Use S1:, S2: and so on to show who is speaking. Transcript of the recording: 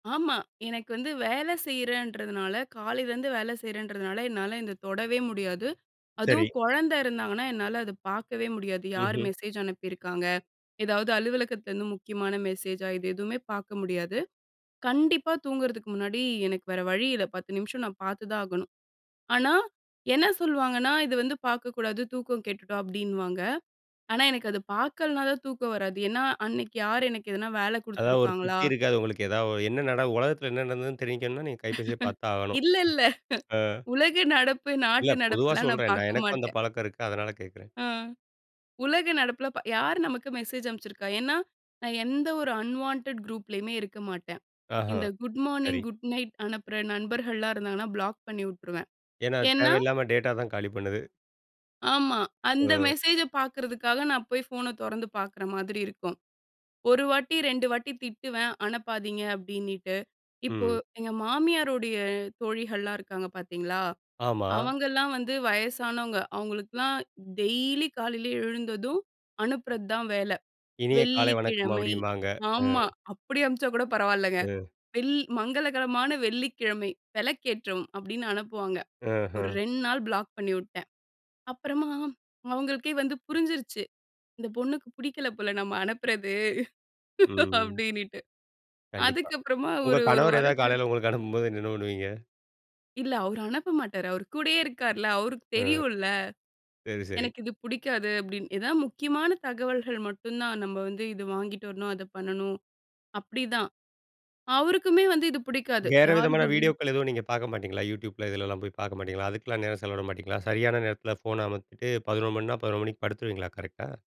S1: ஆமா. எனக்கு வந்து வேல செய்றேன்றதுனால காலையிலேருந்து வேல செய்றேன்றதுனால, என்னால இந்த தொடவே முடியாது.
S2: சரி.
S1: அதுவும், கொழந்த இருந்தாங்கன்னா, என்னால அத பாக்கவே முடியாது. யார்
S2: ம்ஹ்ம்.
S1: மெசேஜ் அனுப்பியிருக்காங்க? எதாவது அலுவலகத்துலருந்து முக்கியமான மெசேஜா? இது எதுவுமே பாக்க முடியாது. கண்டிப்பா தூங்குறதுக்கு முன்னாடி, எனக்கு வேறு வழி இல்ல, 10 நிமிஷம் நான் பாத்துதான் ஆகணும். ஆனா, என்னா சொல்வாங்கன்னா, "இது வந்து பாக்கக்கூடாது. தூக்கம் கெட்டுடும்" அப்டின்னுவாங்க. ஆனா, எனக்கு அது பாக்கலன்னா தான், தூக்கம் வராது. ஏன்னா அன்னைக்கு, யார் எனக்கு எதனா வேலை
S2: அதாவது ஒரு
S1: குடுத்துருக்காங்களா?
S2: திருப்தி இருக்காது உங்களுக்கு எதாவ என்னா நட உலகத்துல என்னா நடந்ததுன்னு? தெரிஞ்சிக்கணும்னா, நீங்க கைப்பேசிய பாத்து தான் ஆகணும்.
S1: இல்ல இல்ல.
S2: ஆ,
S1: உலக நடப்பு,
S2: இல்ல,
S1: நாட்டு
S2: பொதுவா
S1: நடப்புலாம் நான்
S2: சொல்றேன். நான்
S1: பாக்க
S2: எனக்கும் அந்த
S1: மாட்டேன்.
S2: பழக்கம் இருக்கு, அதனால கேக்குறேன்.
S1: ம். உலக நடப்புல ப யார் நமக்கு மெசேஜ் அனுப்ச்சிருக்கா! ஏன்னா? நான் எந்த ஒரு அன்வான்டட் குரூப்லயுமே இருக்க மாட்டேன். இந்த
S2: அஹம்,
S1: குட் மார்னிங்,
S2: சரி.
S1: குட் நைட் அனுப்புற நண்பர்கள்லாம் இருந்தாங்கன்னா பிளாக் பண்ணிவுட்டுருவேன்.
S2: ஏன்னா அது
S1: ஏன்னா
S2: தேவையில்லாம டேட்டா தான் காலி பண்ணுது.
S1: ஆமா. அந்த
S2: ம்,
S1: மெசேஜ பாக்குறதுக்காக, நான் போய் ஃபோனை தொறந்து பாக்குற மாதிரி இருக்கும். 1 வாட்டி, 2 வாட்டி திட்டுவேன். அனுப்பாதீங்க அப்படின்னுட்டு. இப்போ
S2: ம்.
S1: எங்க மாமியாரோடைய தோழிகள்லாம் இருக்காங்க பாத்தீங்களா!
S2: ஆமா.
S1: அவங்கலாம் வந்து வயசானவங்க. அவுங்களுக்குலாம், டெய்லி காலையில எழுந்ததும் அனுப்புறது தான் வேலை.
S2: இனிய காலை வணக்கம்
S1: வெள்ளிக்கிழமை
S2: அப்படிம்பாங்க!
S1: ஆமா.
S2: ம்.
S1: அப்படி அனுப்பிச்சா கூட பரவால்லங்க.
S2: ம்.
S1: வெள் "மங்களகரமான வெள்ளிக்கிழமை. வெளக்கேற்றவும்." அப்படின்னு அனுப்புவாங்க. ஒரு
S2: அஹம்.
S1: 2 நாள் பிளாக் பண்ணிவுட்டேன். அப்பறமா, அவுங்களுக்கே வந்து புரிஞ்சிருச்சு! இந்த பொண்ணுக்கு புடிக்கல போல நம்ம அனுப்புறது,
S2: ம் ம்.
S1: அப்படின்னுட்டு.
S2: கண்டிப்பா.
S1: அதுக்கப்புறமா
S2: உங்க
S1: ஒரு 1
S2: கணவர் ஏதாவது
S1: வாரம் கழி
S2: காலையில உங்களுக்கு அனுப்பும்போது, என்ன என்ன பண்ணுவீங்க?
S1: இல்ல. அவரு அனுப்ப மாட்டாரு, அவரு கூடயே இருக்காருல்ல! அவருக்கு
S2: ம்,
S1: தெரியும்ல!
S2: சரி சரி.
S1: "எனக்கு இது புடிக்காது" அப்படின் ஏதா முக்கியமான தகவல்கள் மட்டும் தான் நம்ம வந்து, "இத வாங்கிட்டு வரணும், அத பண்ணணும்" அப்டிதான். அவருக்குமே வந்து இது புடிக்காது
S2: வேற
S1: யாரு
S2: விதமான
S1: குட் இ
S2: வீடியோக்கள் எதுவும் நீங்க பாக்க மாட்டீங்களா? YouTubeல இதுலலாம் போய் பார்க்க மாட்டீங்களா? அதுக்கெல்லாம் நேரம் செலவிட மாட்டீங்களா? சரியான நேரத்துல ஃபோனை அமத்திட்டு, 11:00 மணின்னா, 11:00 மணிக்கு படுத்துருவீங்களா கரெக்ட்டா?